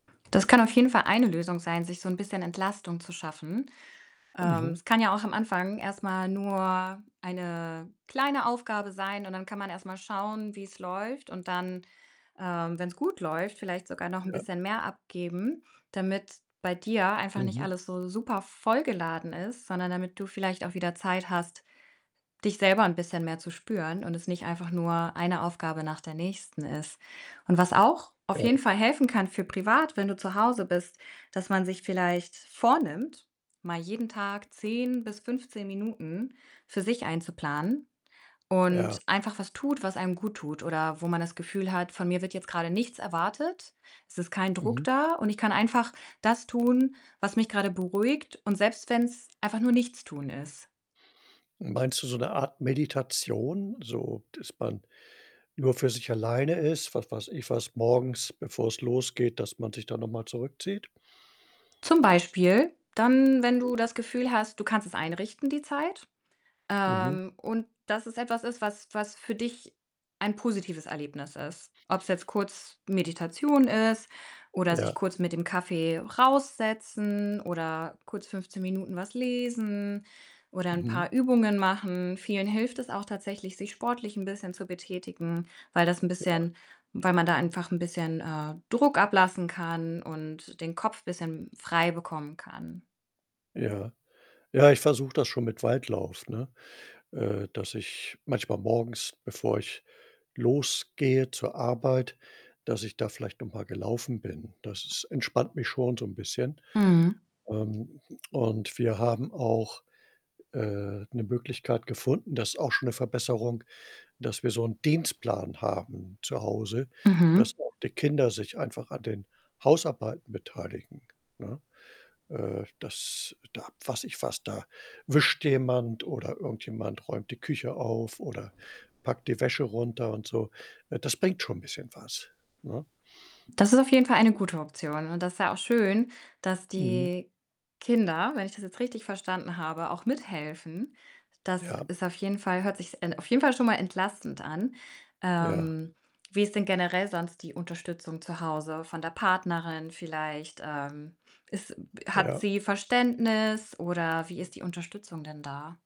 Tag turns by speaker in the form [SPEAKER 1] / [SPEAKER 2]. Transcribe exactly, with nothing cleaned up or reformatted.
[SPEAKER 1] Das kann auf jeden Fall eine Lösung sein, sich so 'n bisschen Entlastung zu schaffen. Ähm,
[SPEAKER 2] Mhm.
[SPEAKER 1] es kann ja auch am Anfang erst mal nur eine kleine Aufgabe sein und dann kann man erst mal schauen, wie's läuft und dann, ähm, wenn's gut läuft, vielleicht sogar noch 'n
[SPEAKER 2] Ja.
[SPEAKER 1] bisschen mehr abgeben, damit bei dir einfach nicht
[SPEAKER 2] Mhm.
[SPEAKER 1] alles so supervoll geladen ist, sondern damit du vielleicht auch wieder Zeit hast, dich selber 'n bisschen mehr zu spüren und es nicht einfach nur eine Aufgabe nach der nächsten ist und was auch auf jeden
[SPEAKER 2] Ja.
[SPEAKER 1] Fall helfen kann für privat, wenn du zu Hause bist, dass man sich vielleicht vornimmt, mal jeden Tag zehn bis fünfzehn Minuten für sich einzuplanen und
[SPEAKER 2] Ja.
[SPEAKER 1] einfach was tut, was einem guttut oder wo man das Gefühl hat: „Von mir wird jetzt grade nichts erwartet. Es ist kein Druck
[SPEAKER 2] Mhm.
[SPEAKER 1] da und ich kann einfach das tun, was mich grade beruhigt und selbst wenn's einfach nur Nichtstun ist.“
[SPEAKER 2] Meinst du so 'ne Art Meditation, so dass man nur für sich alleine ist, was weiß ich was, morgens bevor es losgeht, dass man sich da noch mal zurückzieht?
[SPEAKER 1] Zum Beispiel dann, wenn
[SPEAKER 2] Mhm.
[SPEAKER 1] du das Gefühl hast, du kannst es einrichten die Zeit,
[SPEAKER 2] Mhm.
[SPEAKER 1] ähm, und, dass es etwas ist, was was für dich ein positives Erlebnis ist. Ob's jetzt kurz Meditation ist oder sich
[SPEAKER 2] Ja.
[SPEAKER 1] kurz mit dem Kaffee raus setzen oder kurz fünfzehn Minuten was lesen oder 'n
[SPEAKER 2] Mhm.
[SPEAKER 1] paar Übungen machen. Vielen hilft es auch tatsächlich, sich sportlich 'n bisschen zu betätigen, weil das 'n
[SPEAKER 2] Ja.
[SPEAKER 1] bisschen weil man da einfach 'n bisschen, äh, Druck ablassen kann und den Kopf bisschen frei bekommen kann.
[SPEAKER 2] Ja. Ja, ich versuche das schon mit Weitlauf, ne, äh, dass ich manchmal morgens, bevor ich losgehe zur Arbeit, dass ich da vielleicht noch mal gelaufen bin. Das entspannt mich schon so 'n bisschen.
[SPEAKER 1] Mhm.
[SPEAKER 2] Ähm, und wir haben auch, äh, 'ne Möglichkeit gefunden, das ist auch schon 'ne Verbesserung, dass wir so 'n Dienstplan haben zu Hause,
[SPEAKER 1] Mhm.
[SPEAKER 2] dass auch die Kinder sich einfach an den Hausarbeiten beteiligen, ne? Äh, das da fasse ich fast da wischt jemand oder irgendjemand räumt die Küche auf oder packt die Wäsche runter und so, ne? Das bringt schon bisschen was, ne?
[SPEAKER 1] Das ist auf jeden Fall eine gute Option und das ist ja auch schön, dass
[SPEAKER 2] Mhm.
[SPEAKER 1] die Kinder, wenn ich das jetzt richtig verstanden habe, auch mithelfen. Das
[SPEAKER 2] Ja.
[SPEAKER 1] ist auf jeden Fall hört sich's en auf jeden Fall schon mal entlastend an.
[SPEAKER 2] Ja.
[SPEAKER 1] Ähm, wie ist denn generell sonst die Unterstützung zu Hause von der Partnerin vielleicht? Ähm, ist m hat
[SPEAKER 2] Ja.
[SPEAKER 1] sie Verständnis oder wie ist die Unterstützung denn da?